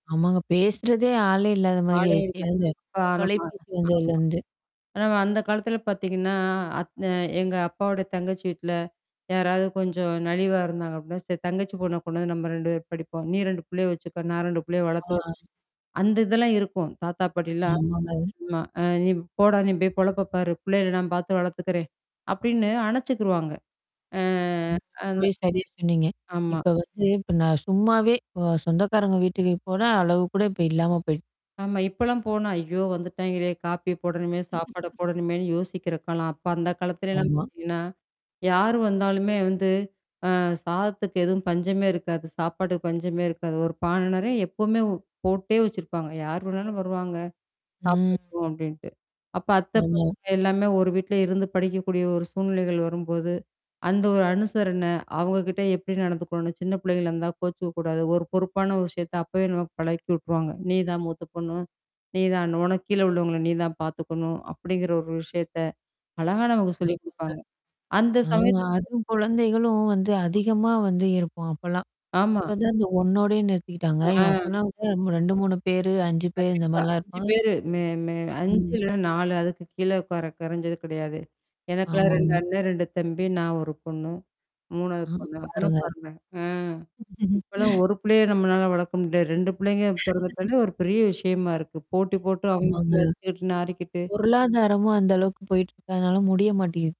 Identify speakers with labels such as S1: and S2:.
S1: ஆமாங்க. பேசுறதே ஆளே இல்லாதமாரி
S2: ஆளே
S1: ஆயிருச்சு.
S2: இல்ல.
S1: இந்த
S2: ப நம்ம. ஆமா.
S1: தொலைபேசி வந்ததுலருந்து.
S2: ஆனா அந்த காலத்துல பாத்தீங்கன்னா, அத் அ எங்க அப்பாாவோட தங்கச்சி வீட்ல, யாராவது கொஞ்சம் நலிவா இருந்தாங்க அப்பிடின்னா, சரி தங்கச்சி பொண்ண கொண்டு வந்து நம்ம 2 பேரும் படிப்போம். நீ 2 புள்ளைய வச்சுக்க. நான் 2 புள்ளைய வளர்த்த விட்றேன்.
S1: ஆ.
S2: அந்த இதெல்லாம் இருக்கும். தாத்தா பாட்டிலாம்
S1: ஆமாங்க.
S2: ஆமா. அ "நீ போடா! நீ போய் பொழப்ப பாரு! புள்ளைகள நான் பார்த்து வளர்த்துக்கிறேன்" அப்பிடின்னு அணைச்சுக்கிருவாங்க. ஆ அந்த
S1: ரொம்பவே சரியா சொன்னீங்க.
S2: ஆமா.
S1: இப்ப வந்து இப்ப நான் சும்மாவே அ சொந்தக்காரங்க வீட்டுக்கு போன அளவு கூட இப்ப இல்லாம போயிட்
S2: ஆமா. இப்பலாம் போனா, ஐயோ வந்துட்டாயங்களே! காப்பியப் போடணுமே, சாப்பாடப் போடணுமேன்னு யோசிக்கிற காலம். அப்ப அந்த காலத்துலலாம்
S1: ஆமா.
S2: பாத்தீங்கன்னா, யார் வந்தாலுமே வந்து அ சாதத்துக்கு எதுவும் பஞ்சமே இருக்காது. சாப்பாட்டுக்கு பஞ்சமே இருக்காது. ஒரு பான நிறைய எப்பவுமே போட்டே வச்சிருப்பாங்க. யார் வேணாலும் வருவாங்க.
S1: ம்.
S2: சாப்பிடட்டும் அப்பிடின்ட்டு. அப்ப அத்த
S1: ஆமா.
S2: பசங்க எல்லாமே ஒரு வீட்ல இருந்து படிக்கக்கூடிய ஒரு சூழ்நிலைகள் வரும்போது. அந்த ஒரு அனுசரன, அவுங்க கிட்ட எப்பிடி நடந்துக்கணும்னு சின்ன புள்ளைங்களா இருந்தா, கோச்சுக்கக்கூடாது. ஒரு பொறுப்பான விஷயத்த அப்பவே நமக்கு பழக்கி விட்டுருவாங்க. "நீதான் மூத்த பொண்ணு. நீதான் உனக்கு கீழே உள்ளவங்கள நீ தான் பாத்துக்கணும்" அப்பிடிங்கிற ஒரு விஷயத்த அழகா நமக்கு சொல்லிக்
S1: கண்டிப்பாங்க.
S2: குடுப்பாங்க. அந்த
S1: ஆமா.
S2: சமயத்து
S1: அதுவும் குழந்தைகளும் வந்து
S2: ஆமா.
S1: அதிகமா வந்து இருப்போம். அப்பல்லாம்.
S2: ஆமா.
S1: இப்பதான் இந்த 1 ஓடையே நிறுத்திக்கிட்டாங்க.
S2: ஆ.
S1: எங்க, அப்பல்லாம் வந்து 2,3 பேரு 5 பேரு
S2: கண்டிப்பா
S1: இந்தமாரிலாம்
S2: 5
S1: இருப்பாங்க.
S2: பேரு மே மே 5
S1: ம்.
S2: இல்லன்னா 4 அதுக்கு கீழ கொற கொறஞ்சது கிடையாது. எனக்கெல்லாம் 2
S1: ஆமாங்க.
S2: அண்ணே, 2 தம்பி, நான் ஒரு பொண்ணு, 3 வது
S1: ஆ
S2: பொண்ணு. அப்புட்னா
S1: பாருங்க.
S2: பாருங்க. ஆ. இப்பல்லாம் ஒரு பிள்ளைய நம்மளால வளர்க்க முடியாது. 2 புள்ளைங்க பிறந்துட்டாலே, ஒரு பெரிய விஷயமா இருக்கு. போட்டி போட்டு
S1: ஆமாங்க.
S2: அவுங்க அடிச்சுக்கிட்டு நாறிக்கிட்டு.
S1: பொருளாதாரமும் அந்த அளவுக்கு போயிட்டுருக்கனால முடிய மாட்டேங்கிது.